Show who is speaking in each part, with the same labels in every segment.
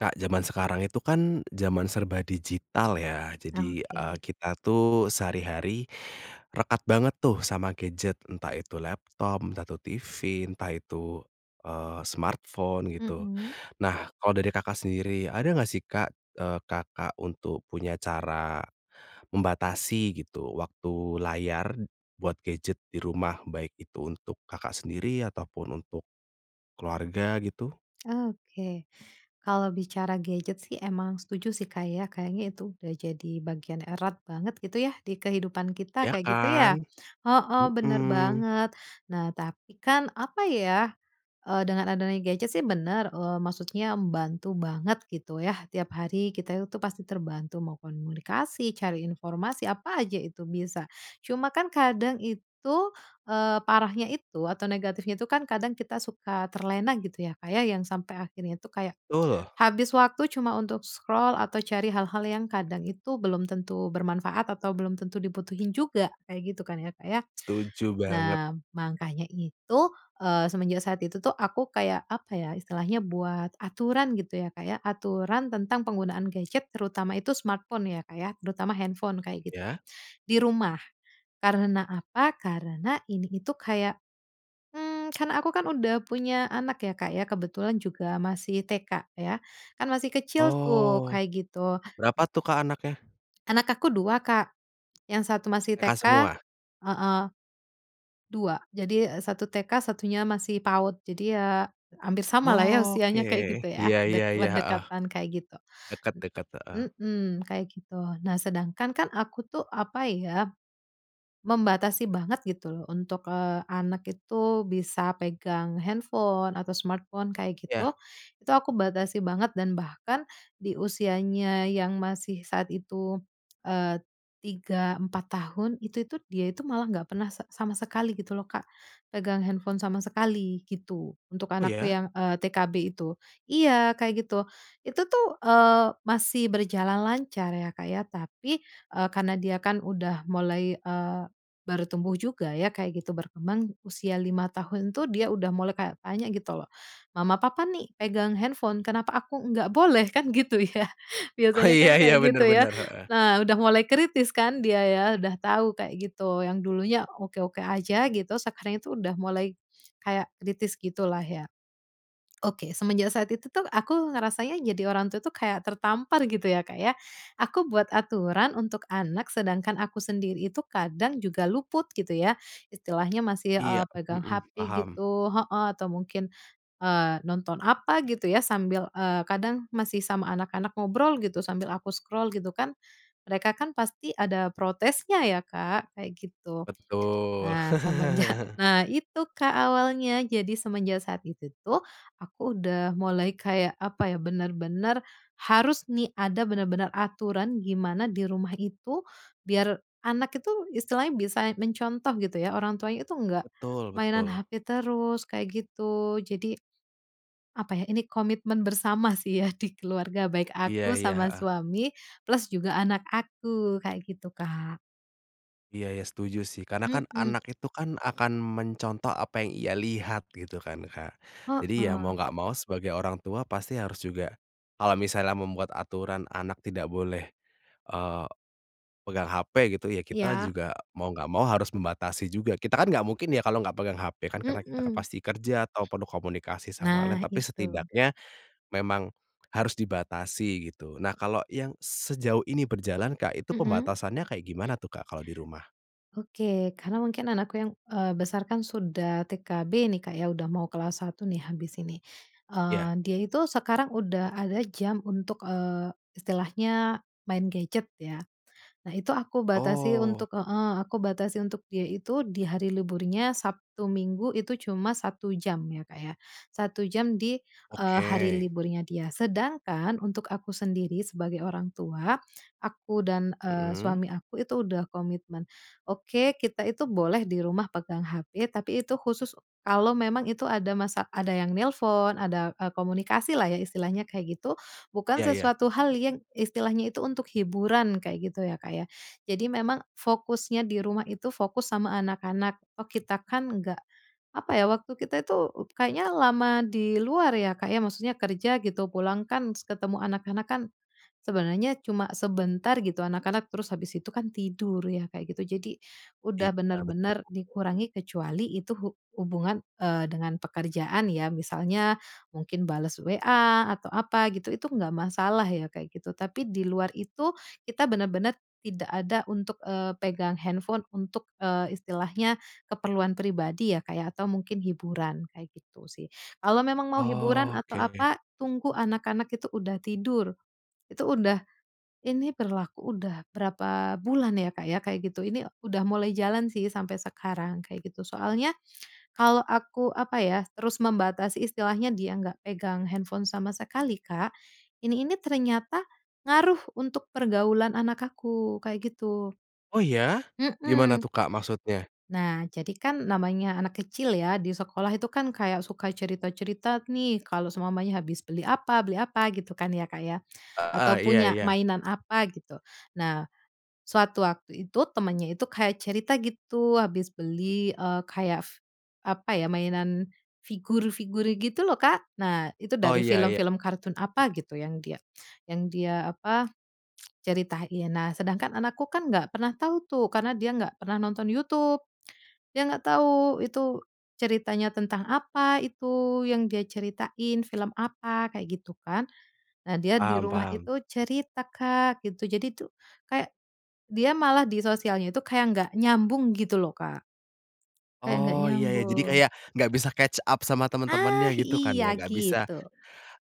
Speaker 1: Kak, zaman sekarang itu kan, zaman serba digital ya, jadi, eee,
Speaker 2: Oke.
Speaker 1: kita tuh sehari-hari rekat banget tuh, sama gadget. Entah itu laptop, entah itu TV, entah itu, eee, smartphone gitu.
Speaker 2: Mhm.
Speaker 1: Nah, kalau dari Kakak sendiri, ada nggak sih, Kak, eee, Kakak untuk punya cara membatasi gitu, waktu layar b buat gadget di rumah, baik itu untuk Kakak sendiri ataupun untuk keluarga gitu?
Speaker 2: Oke, kalau bicara gadget sih emang setuju sih, Kak, ya, kayaknya itu udah jadi bagian erat banget gitu ya, di kehidupan kita
Speaker 1: Ya
Speaker 2: kayak gitu
Speaker 1: kan?
Speaker 2: ya? Heeh, bener
Speaker 1: Mhm.
Speaker 2: banget. Nah, tapi kan apa ya, eee, dengan adanya gadget sih bener, eee, maksudnya membantu banget, gitu ya, tiap hari kita itu pasti terbantu mau komunikasi, cari informasi apa aja itu bisa. Cuma kan kadang itu, eee, parahnya itu atau negatifnya itu kan kadang kita suka terlena gitu ya, Kak, ya, yang sampai akhirnya itu kayak,
Speaker 1: Tul.
Speaker 2: habis waktu cuma untuk scroll atau cari hal-hal yang kadang itu belum tentu bermanfaat atau belum tentu dibutuhin juga. Kayak gitu kan ya Kak, ya.
Speaker 1: Setuju banget.
Speaker 2: Nah, makanya itu, eee, semenjak saat itu tuh, aku kayak apa ya, istilahnya buat aturan gitu ya, Kak, ya, aturan tentang penggunaan gadget, terutama itu smartphone ya, Kak, ya. Terutama handphone, kayak gitu,
Speaker 1: Ya.
Speaker 2: di rumah. Karena apa? Karena, ini itu kayak, mmm, karena aku kan udah punya anak ya, Kak, ya. Kebetulan juga masih TK ya. Kan masih kecil tuh,
Speaker 1: Oh.
Speaker 2: kayak gitu.
Speaker 1: Berapa tuh Kak, anaknya?
Speaker 2: Anak aku 2 Kak, yang satu masih
Speaker 1: TK
Speaker 2: TK
Speaker 1: semua?
Speaker 2: heeh, 2. Jadi satu TK satunya masih PAUD. Jadi ya, hampir sama lah ya,
Speaker 1: Oke,
Speaker 2: usianya kayak gitu
Speaker 1: iya
Speaker 2: ya, dek
Speaker 1: iya iya, heeh.
Speaker 2: berdekatan kayak gitu.
Speaker 1: Deket deket, heeh.
Speaker 2: Mhm, kayak gitu. Nah, sedangkan kan aku tuh apa ya, membatasi banget gitu loh, untuk, eee, anak itu bisa pegang handphone atau smartphone kayak gitu.
Speaker 1: Ya.
Speaker 2: Itu aku batasi banget dan bahkan, di usianya yang masih saat itu, eee, 3, 4 tahun, itu tuh dia itu malah nggak pernah se sama sekali gitu loh, Kak, pegang handphone sama sekali gitu, untuk
Speaker 1: Oh
Speaker 2: anakku
Speaker 1: ya?
Speaker 2: yang, eee, TK B itu iya, kayak gitu. Itu tuh, eee, masih berjalan lancar ya, Kak, ya. Tapi, eee, karena dia kan udah mulai, eee, baru tumbuh juga ya, kayak gitu, berkembang usia 5 tahun tuh, dia udah mulai kayak tanya gitu loh, "Mama, Papa nih pegang handphone, kenapa aku nggak boleh?" Kan gitu ya.
Speaker 1: Oh,
Speaker 2: Biasanya kan
Speaker 1: iya iya,
Speaker 2: kayak
Speaker 1: benar
Speaker 2: gitu ya.
Speaker 1: benar, heeh.
Speaker 2: Nah, udah mulai kritis kan dia ya, udah tahu kayak gitu, yang dulunya oke-oke aja gitu, sekarang itu udah mulai kayak kritis gitulah ya. Oke, semenjak saat itu tuh, aku ngerasanya jadi orang tua tuh kayak tertampar gitu ya, Kak, ya. Aku buat aturan untuk anak, sedangkan aku sendiri itu kadang juga luput, gitu ya. Istilahnya masih,
Speaker 1: Iya,
Speaker 2: eee, pegang
Speaker 1: mhm,
Speaker 2: HP,
Speaker 1: paham.
Speaker 2: gitu heeh, atau mungkin, eee, nonton apa gitu ya, sambil, eee, kadang masih sama anak-anak ngobrol gitu, sambil aku scroll gitu kan. Mereka kan pasti ada protesnya ya, Kak, kayak gitu.
Speaker 1: Betul.
Speaker 2: Nah, semenjak nah, itu Kak, awalnya. Jadi semenjak saat itu tuh, aku udah mulai kayak apa ya, bener-bener harus nih, ada benar-benar aturan gimana di rumah itu, biar anak itu istilahnya bisa mencontoh gitu ya, orang tuanya itu nggak
Speaker 1: Betul
Speaker 2: mainan
Speaker 1: betul.
Speaker 2: HP terus, kayak gitu. Jadi, apa ya? Ini komitmen bersama sih ya, di keluarga baik
Speaker 1: Iya
Speaker 2: aku
Speaker 1: iya,
Speaker 2: sama
Speaker 1: heeh.
Speaker 2: suami, plus juga anak aku kayak gitu, Kak.
Speaker 1: Iya iya, setuju sih, karena kan
Speaker 2: Mhm.
Speaker 1: anak itu kan, akan mencontoh apa yang ia lihat gitu kan, Kak. Jadi, ya mau
Speaker 2: Heeh.
Speaker 1: nggak mau, sebagai orang tua pasti harus juga, kalau misalnya membuat aturan anak tidak boleh, eee, pegang HP gitu, ya kita
Speaker 2: Iya.
Speaker 1: juga mau nggak mau harus membatasi juga. Kita kan nggak mungkin ya, kalau nggak pegang HP kan, karena kita kan
Speaker 2: Mhm.
Speaker 1: pasti kerja ataupun komunikasi sama lain.
Speaker 2: Nah
Speaker 1: Tapi
Speaker 2: itu.
Speaker 1: setidaknya, memang harus dibatasi gitu. Nah, kalo yang sejauh ini berjalan, Kak. Itu
Speaker 2: Mhm.
Speaker 1: pembatasannya kayak gimana tuh, Kak? Kalo di rumah.
Speaker 2: Oke, karena mungkin anakku yang, eee, besarkan sudah TK B nih, Kak, ya, udah mau kelas 1 nih, habis ini. Eee,
Speaker 1: Ya.
Speaker 2: dia itu sekarang udah ada jam untuk, eee, istilahnya main gadget ya. Nah, itu aku batasi
Speaker 1: Oh.
Speaker 2: untuk heeh, aku batasi untuk dia itu di hari liburnya Sabtu, Minggu itu cuma 1 jam ya, Kak, ya, 1 jam di, eee, hari
Speaker 1: Oke.
Speaker 2: liburnya dia. Sedangkan untuk aku sendiri sebagai orang tua aku dan, eee,
Speaker 1: Mhm.
Speaker 2: suami aku itu udah komitmen. "Oke, kita itu boleh di rumah pegang HP, tapi itu khusus, kalau memang itu ada masa ada yang nelpon ada, eee, komunikasilah ya," istilahnya kayak gitu. Bukan
Speaker 1: Iya iya.
Speaker 2: sesuatu hal yang istilahnya itu untuk hiburan, kayak gitu ya, Kak, ya. Jadi memang fokusnya di rumah itu, fokus sama anak-anak, toh, kita kan enggak apa ya, waktu kita itu u kayaknya lama di luar ya, Kak, ya? Maksudnya kerja, gitu. Pulang kan s ketemu anak-anak kan, sebenarnya cuma sebentar, gitu. Anak-anak terus habis itu kan tidur ya, kayak gitu. Jadi, udah
Speaker 1: Iya, betul.
Speaker 2: bener-bener dikurangi, kecuali itu hu hubungan, eee, dengan pekerjaan ya, misalnya mungkin bales WA atau apa gitu, itu enggak masalah ya, kayak gitu. Tapi di luar itu, kita benar-benar tidak ada untuk, eee, pegang handphone untuk, eee, istilahnya, keperluan pribadi ya, Kak, ya, atau mungkin hiburan, kayak gitu sih. Kalau memang mau hiburan atau
Speaker 1: Oke.
Speaker 2: apa, tunggu anak-anak itu udah tidur, itu udah ini berlaku udah berapa bulan ya, Kak, ya, kayak gitu. Ini udah mulai jalan sih sampai sekarang, kayak gitu. Soalnya, kalau aku apa ya, terus membatasi, istilahnya dia nggak pegang handphone sama sekali, Kak, ini ini ternyata ngaruh untuk pergaulan anak aku, kayak gitu.
Speaker 1: Oh ya? Gimana
Speaker 2: Mhm.
Speaker 1: tuh Kak, maksudnya?
Speaker 2: Nah, jadi kan namanya anak kecil ya, di sekolah itu kan kayak suka cerita-cerita nih, kalau seumpamanya habis beli apa beli apa gitu kan, ya, Kak, ya.
Speaker 1: Heeh,
Speaker 2: Atau
Speaker 1: iya
Speaker 2: punya
Speaker 1: iya.
Speaker 2: mainan apa gitu. Nah, suatu waktu itu, temannya itu kayak cerita gitu habis beli, eee, kayak f apa ya, mainan figur-figur gitu loh, Kak. Nah, itu
Speaker 1: Oh,
Speaker 2: dari
Speaker 1: iya iya.
Speaker 2: film-film kartun apa gitu, yang dia yang dia apa, ceritain. Nah, sedangkan anakku kan nggak pernah tau tuh, karena dia nggak pernah nonton YouTube, dia nggak tau itu ceritanya tentang apa, itu yang dia ceritain film apa? Kayak gitu kan. Nah, dia di
Speaker 1: Paham
Speaker 2: rumah
Speaker 1: paham.
Speaker 2: itu cerita Kak, gitu. Jadi tuh, kayak dia malah di sosialnya itu kayak nggak nyambung, gitu loh, Kak. Kayak nggak
Speaker 1: Oh, iya ya, jadi
Speaker 2: nyambung.
Speaker 1: kayak nggak bisa catch up sama teman-temannya,
Speaker 2: Ah,
Speaker 1: gitu kan,
Speaker 2: iya
Speaker 1: ya? Nggak bisa
Speaker 2: gitu.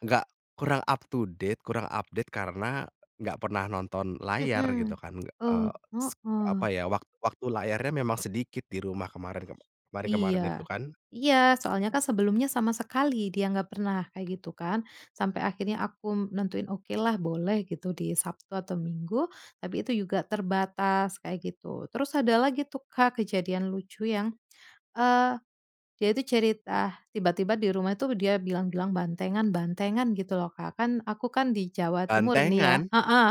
Speaker 1: nggak kurang up to date, kurang update. Karena nggak pernah nonton layar gitu
Speaker 2: Mhm.
Speaker 1: kan, nggak
Speaker 2: Oh,
Speaker 1: eee, s apa
Speaker 2: heeh.
Speaker 1: ya, wak waktu layarnya memang sedikit di rumah kemarin, kem kemarin-kemarin itu
Speaker 2: Iya.
Speaker 1: kan?
Speaker 2: Iya, soalnya kan sebelumnya sama sekali dia nggak pernah kayak gitu kan, sampai akhirnya aku nentuin, okelah boleh gitu, di Sabtu atau Minggu. Tapi itu juga terbatas, kayak gitu. Terus ada lagi tuh, Kak, kejadian lucu yang, eee, dia itu cerita tiba-tiba di rumah tuh dia bilang-bilang, "Bantengan bantengan," gitu, loh, Kak. Kan, aku kan di Jawa Timur nih ya
Speaker 1: Bantengan?
Speaker 2: heeh,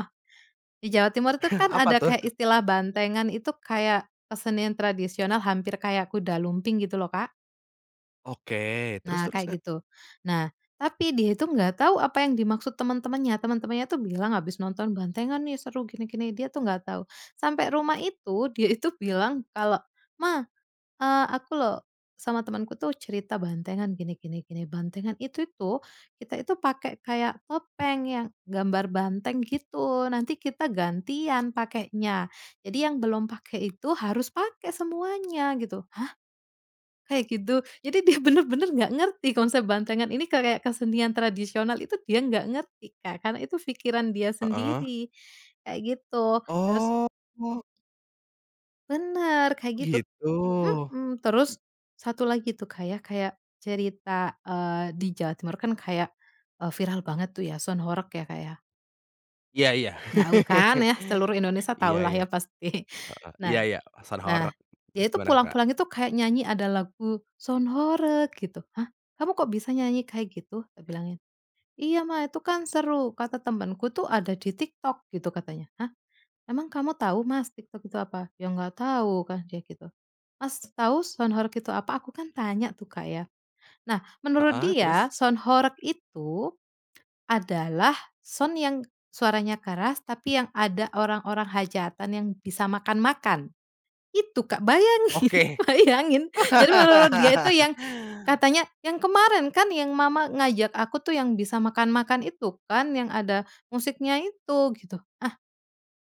Speaker 2: di Jawa Timur tuh kan
Speaker 1: Apa
Speaker 2: ada
Speaker 1: tuh?
Speaker 2: kayak istilah bantengan, itu kayak kesenian tradisional hampir kayak kuda lumping gitu, loh, Kak.
Speaker 1: Oke, terus
Speaker 2: Nah,
Speaker 1: terus, Kak?
Speaker 2: kayak gitu. Nah, tapi dia itu nggak tahu apa yang dimaksud teman-temannya. Teman-temannya tuh bilang, "Habis nonton bantengan nih, seru, gini gini," dia tuh nggak tahu. Sampai rumah itu, dia itu bilang kalau, "Mah, eee, aku loh sama temanku tuh cerita bantengan gini gini gini, bantengan itu tuh, kita itu pakai kayak topeng yang gambar banteng gitu, nanti kita gantian pakainya. Jadi yang belum pakai itu harus pakai semuanya," gitu. "Hah, kayak gitu?" Jadi dia bener-bener nggak ngerti konsep bantengan ini kayak kesenian tradisional itu, dia nggak ngerti, Kak, karena itu pikiran dia
Speaker 1: Heeh.
Speaker 2: sendiri, kayak gitu. Terus
Speaker 1: Oh.
Speaker 2: Bener, kayak gitu
Speaker 1: Gitu.
Speaker 2: mhm. Terus satu lagi tuh, Kak, ya, kayak cerita, eee, di Jawa Timur kan kayak, eee, viral banget tuh ya, Soud Horeg ya, Kak, ya.
Speaker 1: Iya iya,
Speaker 2: Tau kan ya, seluruh Indonesia tau
Speaker 1: iya
Speaker 2: lah
Speaker 1: iya,
Speaker 2: ya pasti.
Speaker 1: heeh, iya
Speaker 2: Nah
Speaker 1: iya, sound
Speaker 2: nah,
Speaker 1: horeg, terus
Speaker 2: dia itu
Speaker 1: gimana tuh, Kak?
Speaker 2: pulang-pulang itu kayak nyanyi ada lagu, "Sound horeg" gitu. "Hah, kamu kok bisa nyanyi kayak gitu?" Tak bilangin. "Iya Mah, itu kan seru kata temanku tuh, ada di TikTok gitu," katanya. "Hah, emang kamu tau Mas, TikTok itu apa?", "Ya nggak tau," kan, dia gitu. "Mas, tau sound horeg itu apa?" Aku kan tanya tuh Kak, ya. Nah, menurut
Speaker 1: Heeh,
Speaker 2: dia
Speaker 1: terus?
Speaker 2: sound horeg itu adalah sound yang suaranya keras, tapi yang ada orang-orang hajatan yang bisa makan-makan. Itu, Kak, bayangin
Speaker 1: Oke.
Speaker 2: bayangin, jadi menurut dia itu yang katanya, "Yang kemarin kan, yang Mama ngajak aku tuh yang bisa makan-makan itu kan, yang ada musiknya itu?" Gitu. Ah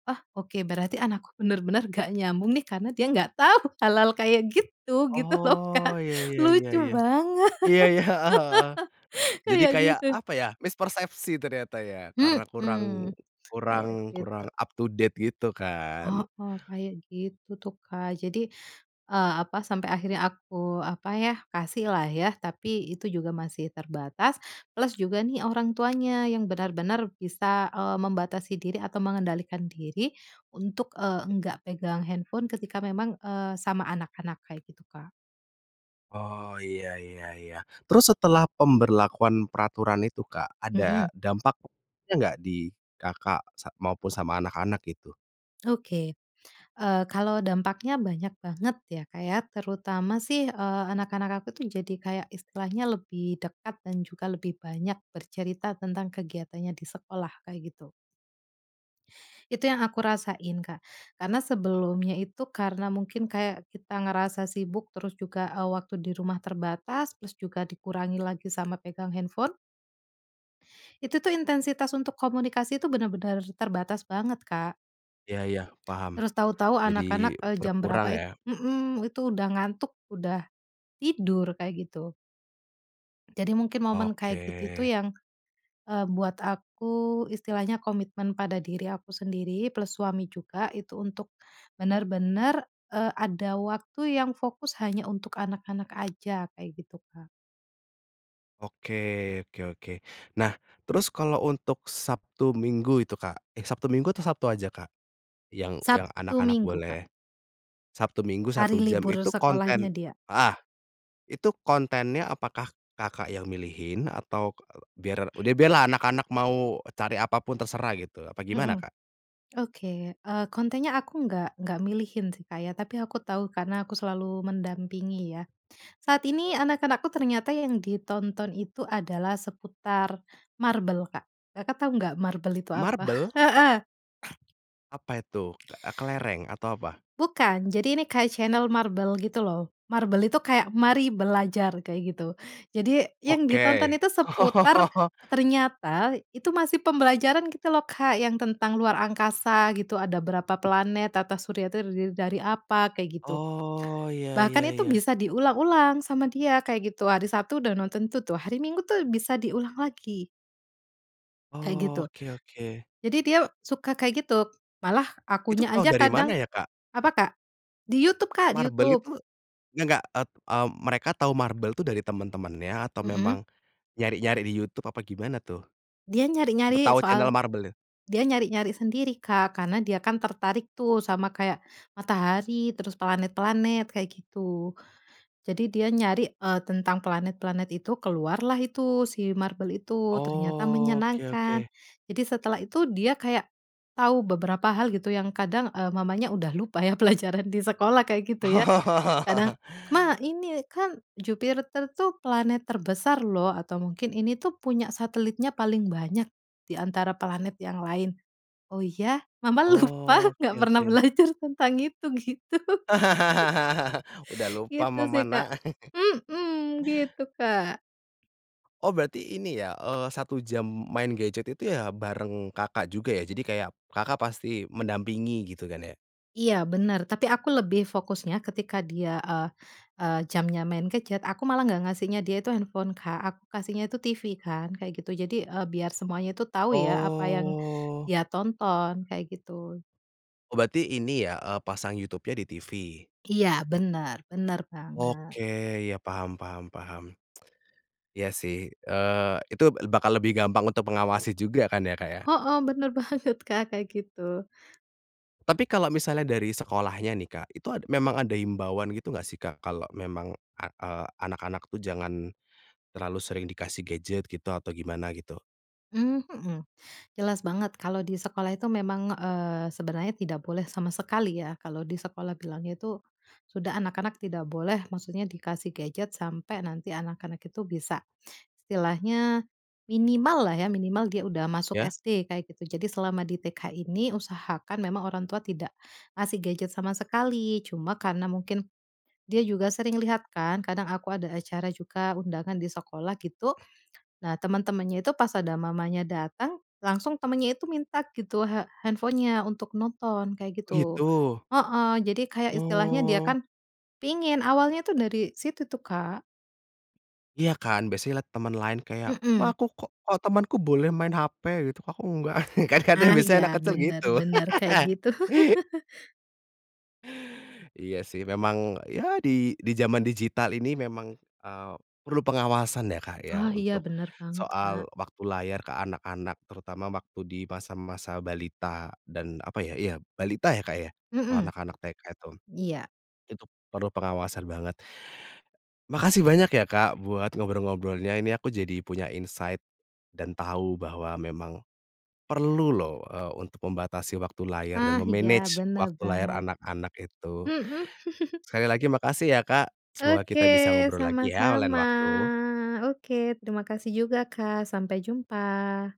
Speaker 2: ah, oke, berarti anakku bener-bener nggak nyambung nih, karena dia nggak tau hal-hal kayak gitu gitu loh, Kak,
Speaker 1: Oh, iya iya iya
Speaker 2: lucu
Speaker 1: iya.
Speaker 2: banget,
Speaker 1: Iya iya, heeh heeh. Jadi
Speaker 2: kayak
Speaker 1: kayak
Speaker 2: gitu.
Speaker 1: apa ya, mispersepsi ternyata ya, karena kurang
Speaker 2: Mhm,
Speaker 1: kurang
Speaker 2: kayak gitu.
Speaker 1: kurang up to date gitu kan?
Speaker 2: Heeh, kayak gitu tuh, Kak. Jadi, eee, apa, sampai akhirnya aku apa ya, kasihlah ya. Tapi itu juga masih terbatas, plus juga nih, orang tuanya yang benar-benar bisa, eee, membatasi diri atau mengendalikan diri untuk, eee, nggak pegang handphone ketika memang, eee, sama anak-anak, kayak gitu, Kak.
Speaker 1: Oh, iya iya iya. Terus setelah pemberlakuan peraturan itu, Kak, ada
Speaker 2: Mhm.
Speaker 1: dampaknya nggak, di Kakak sa maupun sama anak-anak, gitu?
Speaker 2: Oke, eee, kalau dampaknya banyak banget ya, Kak, ya. Terutama sih, eee, anak-anak aku tuh jadi kayak istilahnya lebih dekat, dan juga lebih banyak bercerita tentang kegiatannya di sekolah, kayak gitu. Itu yang aku rasain, Kak. Karena sebelumnya itu, karena mungkin kayak kita ngerasa sibuk, terus juga, eee, waktu di rumah terbatas, plus juga dikurangi lagi sama pegang handphone itu tuh, intensitas untuk komunikasi itu benar-benar terbatas banget, Kak.
Speaker 1: Iya iya, paham.
Speaker 2: Terus tahu-tahu
Speaker 1: Jadi
Speaker 2: anak-anak, eee, jam
Speaker 1: berkurang
Speaker 2: berapa it
Speaker 1: ya?
Speaker 2: mhm, itu udah ngantuk, udah tidur, kayak gitu. Jadi mungkin momen kayak gitu itu
Speaker 1: Oke.
Speaker 2: yang, eee, buat aku istilahnya komitmen pada diri aku sendiri, plus suami juga, itu untuk bener-bener, eee, ada waktu yang fokus hanya untuk anak-anak aja, kayak gitu, Kak.
Speaker 1: Oke oke oke. Nah, terus kalau untuk Sabtu, Minggu itu, Kak. Eh, Sabtu, Minggu atau Sabtu aja, Kak? Yang yang
Speaker 2: Sabtu,
Speaker 1: anak-anak
Speaker 2: Minggu, Kak.
Speaker 1: boleh Sabtu Minggu
Speaker 2: Hari
Speaker 1: 1 jam
Speaker 2: libur
Speaker 1: itu konten
Speaker 2: sekolahnya dia.
Speaker 1: heeh. Itu kontennya apakah Kakak yang milihin? Atau k eee, biar udah biarlah anak-anak mau cari apa pun terserah gitu, apa gimana,
Speaker 2: Mhm,
Speaker 1: Kak?
Speaker 2: oke. Eee, kontennya aku nggak nggak milihin sih, Kak, ya. Tapi aku tahu, karena aku selalu mendampingi ya. Saat ini anak-anakku ternyata yang ditonton itu adalah seputar MarBel, Kak. Kakak tahu enggak MarBel itu apa?
Speaker 1: MarBel?
Speaker 2: Heeh.
Speaker 1: Apa itu? Ke eee, kelereng atau apa?
Speaker 2: Bukan, jadi ini kayak channel MarBel gitu loh. MarBel itu kayak, "mari belajar" kayak gitu. Jadi yang ditonton
Speaker 1: Oke.
Speaker 2: itu seputar
Speaker 1: Oh.
Speaker 2: ternyata itu masih pembelajaran gitu loh, Kak, yang tentang luar angkasa gitu ada berapa planet, tata surya itu terdiri dari apa, kayak gitu.
Speaker 1: Oh. Iya
Speaker 2: Bahkan
Speaker 1: iya
Speaker 2: itu
Speaker 1: iya.
Speaker 2: bisa diulang-ulang sama dia, kayak gitu. Hari Sabtu udah nonton itu tuh, hari Minggu tuh bisa diulang lagi. Kayak
Speaker 1: Oh,
Speaker 2: gitu.
Speaker 1: oke oke.
Speaker 2: Jadi dia suka kayak gitu, malah
Speaker 1: Itu
Speaker 2: akunya
Speaker 1: tau
Speaker 2: aja
Speaker 1: dari
Speaker 2: kadang
Speaker 1: mana ya, Kak?
Speaker 2: apa Kak? Di YouTube, Kak, di
Speaker 1: MarBel
Speaker 2: YouTube.
Speaker 1: itu nggak ep mmm, mereka tahu MarBel itu dari teman-temannya atau
Speaker 2: Mhm.
Speaker 1: memang nyari-nyari di YouTube apa gimana tuh,
Speaker 2: Dia nyari-nyari
Speaker 1: tahu channel
Speaker 2: soal
Speaker 1: MarBelnya?
Speaker 2: dia nyari-nyari sendiri, Kak, karena dia kan tertarik tuh sama kayak, matahari terus planet-planet kayak gitu. Jadi dia nyari, eee, tentang planet-planet itu, keluarlah itu si MarBel itu, ternyata
Speaker 1: Oh, oke
Speaker 2: menyenangkan.
Speaker 1: oke.
Speaker 2: Jadi setelah itu dia kayak, tahu beberapa hal gitu yang kadang, eee, mamanya udah lupa ya pelajaran di sekolah kayak gitu ya.
Speaker 1: Oh.
Speaker 2: Kadang, "Ma, ini kan Jupiter tuh planet terbesar loh." Atau mungkin, "Ini tuh punya satelitnya paling banyak di antara planet yang lain." "Oh ya? Mama lupa,
Speaker 1: Oh,
Speaker 2: nggak
Speaker 1: oke
Speaker 2: pernah
Speaker 1: oke.
Speaker 2: belajar tentang itu." Gitu.
Speaker 1: Udah lupa
Speaker 2: Gitu
Speaker 1: mama,
Speaker 2: sih, Kak.
Speaker 1: Nak.
Speaker 2: Mhm, gitu, Kak.
Speaker 1: Oh, berarti ini ya, eee, 1 jam main gadget itu ya bareng Kakak juga ya? Jadi kayak Kakak pasti mendampingi, gitu kan ya?
Speaker 2: Iya, benar, tapi aku lebih fokusnya ketika dia, eee eee, jamnya main gadget, aku malah nggak ngasihnya dia itu handphone, Kak, aku kasihnya itu TV kan, kayak gitu. Jadi, eee, biar semuanya itu tahu ya apa yang
Speaker 1: Oh.
Speaker 2: dia tonton, kayak gitu.
Speaker 1: Oh, berarti ini ya, eee, pasang YouTube-nya di TV.
Speaker 2: Iya, benar, benar banget.
Speaker 1: Oke. Iya, paham paham paham. Iya sih, eee, itu bakal lebih gampang untuk mengawasi juga kan ya Kak, ya.
Speaker 2: Heeh, benar banget, Kak, kayak gitu.
Speaker 1: Tapi kalau misalnya dari sekolahnya nih, Kak, itu ad memang ada himbauan gitu gak sih, Kak, kalau memang a eee, anak-anak tuh jangan terlalu sering dikasih gadget gitu, atau gimana gitu?
Speaker 2: Mmm, mhm. Jelas banget kalau di sekolah itu memang, eee, sebenarnya tidak boleh sama sekali ya, kalau di sekolah bilangnya itu, sudah anak-anak tidak boleh maksudnya dikasih gadget sampai nanti anak-anak itu bisa istilahnya minimal lah ya, minimal dia udah masuk
Speaker 1: Ya.
Speaker 2: SD, kayak gitu. Jadi selama di TK ini usahakan memang orang tua tidak ngasih gadget sama sekali. Cuma karena mungkin dia juga sering lihat kan, kadang aku ada acara juga, undangan di sekolah gitu, nah teman-temannya itu pas ada mamanya datang langsung temannya itu minta gitu, ha handphone-nya untuk nonton, kayak
Speaker 1: Oh,
Speaker 2: gitu.
Speaker 1: gitu.
Speaker 2: Heeh, jadi kayak istilahnya dia
Speaker 1: Oh.
Speaker 2: kan pengin, awalnya tuh dari situ tuh, Kak.
Speaker 1: Iya kan, biasanya liat teman lain kayak,
Speaker 2: Mhm.
Speaker 1: "Ma, aku kok kok temanku boleh main hape?" Gitu, "Kok aku enggak?" Kan kadang
Speaker 2: Nah, iya.
Speaker 1: biasanya enak kecil
Speaker 2: Benar
Speaker 1: gitu.
Speaker 2: benar, kayak gitu.
Speaker 1: Iya sih, memang ya di di zaman digital ini memang, eee, perlu pengawasan ya Kak ya,
Speaker 2: Oh, iya,
Speaker 1: untuk
Speaker 2: benar banget, Kak.
Speaker 1: soal waktu layar ke anak-anak terutama waktu di masa-masa balita, dan apa ya, iya, balita ya Kak ya, kalau
Speaker 2: Mhm.
Speaker 1: anak-anak TK itu.
Speaker 2: Iya.
Speaker 1: Itu perlu pengawasan banget. Makasih banyak ya Kak, buat ngobrol-ngobrolnya. Ini aku jadi punya insight, dan tahu bahwa memang perlu loh, eee, untuk membatasi waktu layar dan
Speaker 2: Ah, iya,
Speaker 1: me-manage
Speaker 2: benar
Speaker 1: waktu layar
Speaker 2: banget.
Speaker 1: anak-anak itu.
Speaker 2: Mhm.
Speaker 1: Sekali lagi makasih ya Kak, semoga
Speaker 2: Oke,
Speaker 1: kita bisa ngobrol lagi ya lain
Speaker 2: sama-sama.
Speaker 1: waktu.
Speaker 2: Oke, terima kasih juga Kak, sampai jumpa.